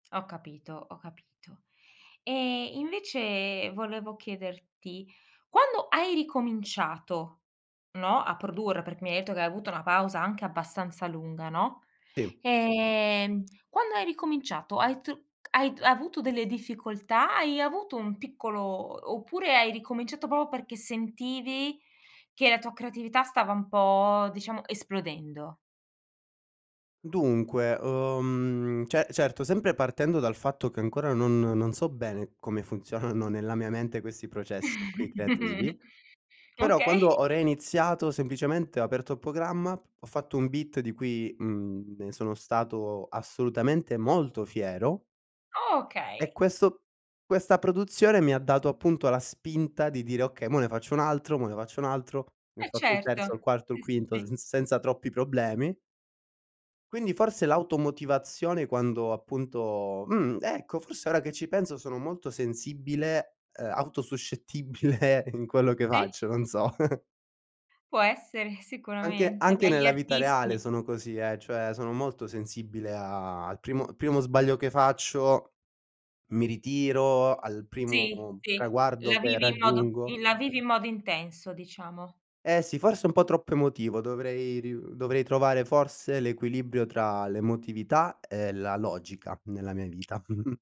Ho capito, ho capito. E, invece, volevo chiederti quando hai ricominciato, no, a produrre perché mi hai etto che hai avuto una pausa anche abbastanza lunga, no? Sì. Ehm, quando hai ricominciato hai tru c hai d avuto delle difficoltà? Hai avuto un piccolo oppure hai ricominciato proprio perché sentivi che la tua creatività stava un po' diciamo esplodendo? Dunque, uhm, ce certo, sempre partendo dal fatto che ancora non non so bene come funzionano nella mia mente questi processi qui creativi, però quando Okay. ho reiniziato, semplicemente ho aperto il programma, ho fatto un beat di cui, mhmm, ne sono stato assolutamente molto fiero e Okay. questo questa produzione mi ha dato appunto la spinta di dire: "Okay, mo ne faccio un altro, mo ne faccio un altro", ne ho Eh, fatto il certo. terzo, il quarto, il Sì, sì, quinto sì. sz senza troppi problemi. Quindi forse l'automotivazione quando appunto mh, ecco, forse ora che ci penso sono molto sensibile, uhm, auto-suscettibile in quello che Sì. faccio, non so. Può essere, Anche sicuramente. anche Beh, gli nella vita reale artisti sono così, eh, cioè sono molto sensibile a al primo primo sbaglio che faccio, mi ritiro, al Sì, primo sì, traguardo la che vivi in modo raggiungo i la vivi in modo intenso diciamo. Eh sì, forse un po' troppo emotivo. Dovrei riu dovrei trovare forse l'equilibrio tra l'emotività e la logica nella mia vita.